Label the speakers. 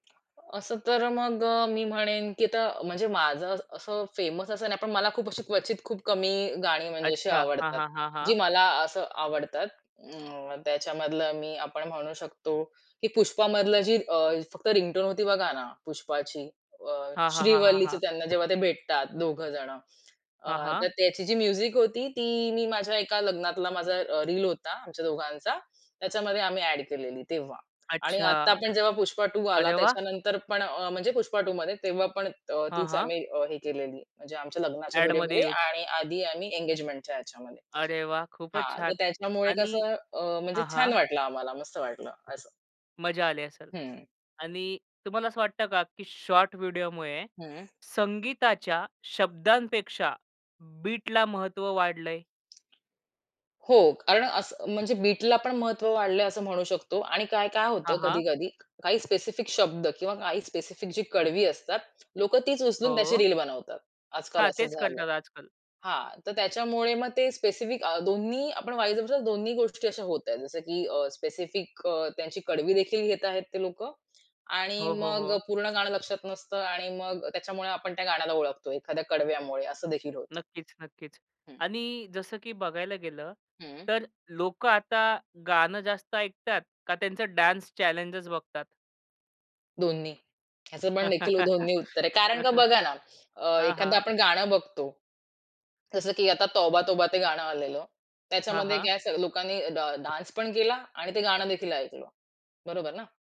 Speaker 1: असं तर मग अ, मी म्हणेन की त म्हणजे माझं असं असं फेमस असं नाही, पण मला खूप अशी क्वचित खूप कमी गाणी म्हणजे अशी
Speaker 2: अच्छा. हां,
Speaker 1: आवडतात.
Speaker 2: हां, हां,
Speaker 1: जी
Speaker 2: हां.
Speaker 1: मला असं आवडतात. अं, त्याच्यामधलं मी आपण म्हणू शकतो, की पुष्पामधलं जी अ, फक्त रिंगटोन होती बघा ना, पुष्पाची. अ,
Speaker 2: हां, हां, हां, हां,
Speaker 1: श्रीवल्लीच
Speaker 2: हां.
Speaker 1: त्यांना जेव्हा ते भेटतात दोघं जणं. अ,
Speaker 2: हां,
Speaker 1: तर
Speaker 2: हां.
Speaker 1: त्याची जी म्युझिक होती, ती मी माझ्या एका लग्नातला माझा अ, रील होता, आमच्या दोघांचा. त्याच्यामध्ये आम्ही ॲड केलेली तेव्हा. आणि आत्ता
Speaker 2: अच्छा.
Speaker 1: आपण जेव्हा "पुष्पा टू" आला,
Speaker 2: अरे वाह!
Speaker 1: त्याच्यानंतर पण अ म्हणजे पुष्पा टूमध्ये. तेव्हा पण अ,
Speaker 2: हां,
Speaker 1: तीच
Speaker 2: हां.
Speaker 1: आम्ही अ, हे केलेली म्हणजे आमच्या लग्नाच्या
Speaker 2: ॲडमध्ये
Speaker 1: व्हिडिओमध्ये
Speaker 2: यूज.
Speaker 1: आणि आधी आम्ही एंगेजमेंटच्या ह्याच्यामध्ये.
Speaker 2: अरे वाह! खूपच
Speaker 1: हां, तर
Speaker 2: छान
Speaker 1: त्याच्यामुळे
Speaker 2: आणि
Speaker 1: कसं अ, म्हणजे
Speaker 2: हां,
Speaker 1: छान
Speaker 2: हां.
Speaker 1: वाटलं आम्हाला, मस्त वाटलं असं.
Speaker 2: मजा आली असेल
Speaker 1: हं.
Speaker 2: आणि तुम्हाला असं वाटतं का, की शॉर्ट व्हिडिओमुळे
Speaker 1: हं.
Speaker 2: संगीताच्या शब्दांपेक्षा बीटला महत्व वाढलं आहे?
Speaker 1: हो, कारण असं म्हणजे बीटला पण महत्व वाढलं आहे असं म्हणू शकतो. आणि काय काय होतं
Speaker 2: हां, हां.
Speaker 1: कधी-कधी क काही स्पेसिफिक शब्द, किंवा काही स्पेसिफिक जी कडवी असतात, लोकं तीच उचलून त्याची
Speaker 2: हो.
Speaker 1: रील बनवतात. आज-काल
Speaker 2: हां,
Speaker 1: असं
Speaker 2: तेच
Speaker 1: झालं आहे.
Speaker 2: करतात आज-काल.
Speaker 1: हां, तर त्याच्यामुळे मग ते स्पेसिफिक अ, दोन्ही आपण वाई [unintelligible] दोन्ही गोष्टी अशा होता आहेत. जसं की अ स्पेसिफिक अ, त्यांची कडवी देखील घेत आहेत ते लोकं, आणि
Speaker 2: हो, हो,
Speaker 1: मग अ,
Speaker 2: हो.
Speaker 1: पूर्ण गाणं लक्षात नसतं आणि मग त्याच्यामुळे आपण त्या गाण्याला ओळखतो, एखाद्या कडव्यामुळे. असं देखील होतं.
Speaker 2: नक्कीच, नक्कीच.
Speaker 1: हं.
Speaker 2: आणि जसं की बघायला गेलं,
Speaker 1: हं.
Speaker 2: तर लोकं आता गाणं जास्त ऐकतात का त्यांचं डान्स चॅलेंजेस बघतात?
Speaker 1: दोन्ही. ह्याचं पण देखील दोन्ही उत्तर आहे. कारण का बघा ना, अ,
Speaker 2: हां,
Speaker 1: एखाद
Speaker 2: हां.
Speaker 1: आपण गाणं बघतो. जसं की आता तोबा तोबा ते गाणं आलेलं.
Speaker 2: हां,
Speaker 1: त्याच्यामध्ये
Speaker 2: हां.
Speaker 1: काय असं लोकांनी डा डान्स पण केला आणि ते गाणं देखील ऐकलं. बरोबर ना.